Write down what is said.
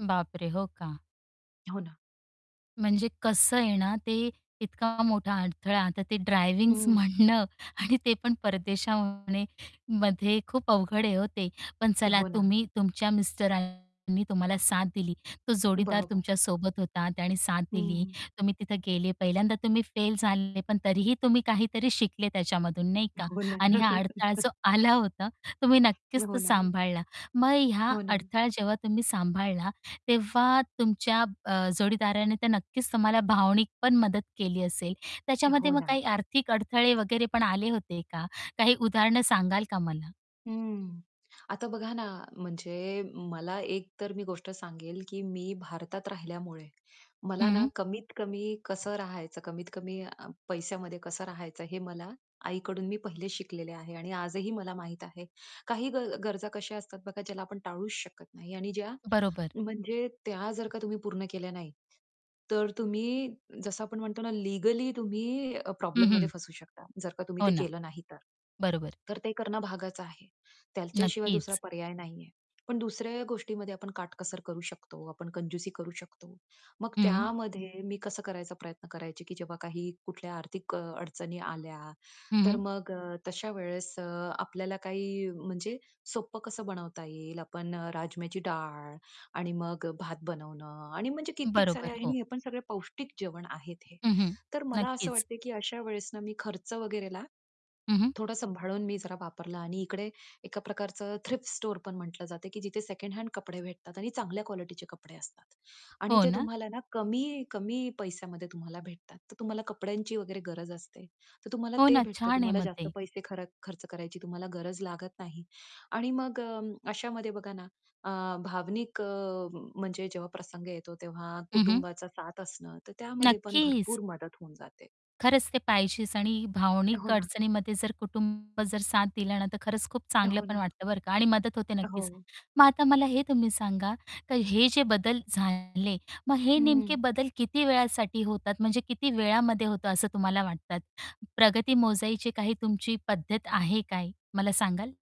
बापरे! हो का? हो ना. म्हणजे कसं आहे ना, ते इतका मोठा अडथळा आता ते ड्रायव्हिंग्स हं. म्हणणं आणि ते पण परदेशमध्ये मध्ये खूप अवघड आहे ओ ते. पण चला हो ना. तुम्ही तुमच्या मिस्टरांनी तुम्हाला साथ दिली, तो जोडीदार बरोबर. तुमच्या सोबत होता, त्यानी साथ दिली. हं. तुम्ही तिथे गेले, पहिल्यांदा तुम्ही फेल झाले पण तरीही तुम्ही काहीतरी शिकले त्याच्यामधून नाही का हो ना. आणि हा अडथळा जो आला होता, तुम्ही नक्कीच हो तो ना. सांभाळला. मग ह्या हो ना. अडथळा जेव्हा तुम्ही सांभाळला, तेव्हा तुमच्या अ, जोडीदाराने तर नक्कीच तुम्हाला भावनिक पण मदत केली असेल. त्याच्यामध्ये हो मग ना. काही आर्थिक अडथळे वगैरे पण आले होते का? काही उदाहरणं सांगाल का मला? हं, आता बघा ना, म्हणजे मला एक तर मी गोष्ट सांगेल, की मी भारतात राहिल्यामुळे, मला ना हं. कमीत-कमी कसं राहायचं, कमीत-कमी अ, पैशामध्ये कसं राहायचं हे मला आईकडून मी पहिलेच शिकलेले आहे आणि आजही मला माहीत आहे. काही ग गरजा कशा असतात बघा, ज्याला आपण टाळूच शकत नाही आणि ज्या बरोबर. म्हणजे त्या जर का तुम्ही पूर्ण केल्या नाही, तर तुम्ही जसं आपण म्हणतो ना, लीगली तुम्ही अ, हं, प्रॉब्लेममध्ये हं. फसू शकता, जर का तुम्ही हो ते ना. केलं नाही तर. बरोबर. तर ते करणं भागच आहे. त्याच्याशिवाय दुसरा नक्कीच. पर्याय नाही आहे. पण दुसऱ्या गोष्टीमध्ये आपण काटकसर करू शकतो, आपण कंजूसी करू शकतो. मग हं. त्यामध्ये मी कसं करायचा प्रयत्न करायची, की जेव्हा काही कुठल्या आर्थिक अ, अडचणी आल्या, हं, तर हं. मग अ, तशा वेळेस अ, आपल्याला काही म्हणजे सोपं कसं बनवता येईल? आपण अ, राजम्याची डाळ आणि मग भात बनवणं आणि म्हणजे कित्येक साऱ्या बरोबर, आणि हो. हे आपण सगळं पौष्टिक जेवण आहेत हे. हं, हं. तर मला असं नक्कीच. वाटतं, की अशा वेळेस मी खर्च वगैरेला हं, हं. थोडं सांभाळून मी जरा वापरलं आणि इकडे एका प्रकारचं थ्रिफ्ट स्टोअर पण म्हटलं जातं, की जिथे सेकंड हँड कपडे भेटतात आणि चांगल्या क्वालिटीचे कपडे असतात आणि हो ते ना? तुम्हाला ना कमी कमी पैशामध्ये तुम्हाला भेटतात. तर तुम्हाला कपड्यांची वगैरे गरज असते. तर तुम्हाला हो ते ना, भेटतं, छान आहे तुम्हाला मग जास्त ते. पैसे खरक खर्च करायची तुम्हाला गरज लागत नाही आणि मग अं, अशामध्ये बघा ना, अ, भावनिक अ, म्हणजे जेव्हा प्रसंग येतो, तेव्हा हं, हं. कुटुंबाचा साथ असणं तर त्यामध्ये पण नक्कीच. भरपूर मदत होऊन जाते. खरंच, ते पाहिजेच आणि भावनिक हो ना. अडचणीमध्ये जर कुटुंब जर साथ दिला ना, तर खरंच खूप चांगलं हो पण ना. वाटतं बरं का आणि मदत होते नक्कीच. हो. मग आता मला हे तुम्ही सांगा, तर हे जे बदल झाले, मग हे नेमके हं. बदल किती वेळासाठी होतात? म्हणजे किती वेळामध्ये होतं असं तुम्हाला वाटतात? प्रगती मोजायची काही तुमची पद्धत आहे काय? मला सांगाल?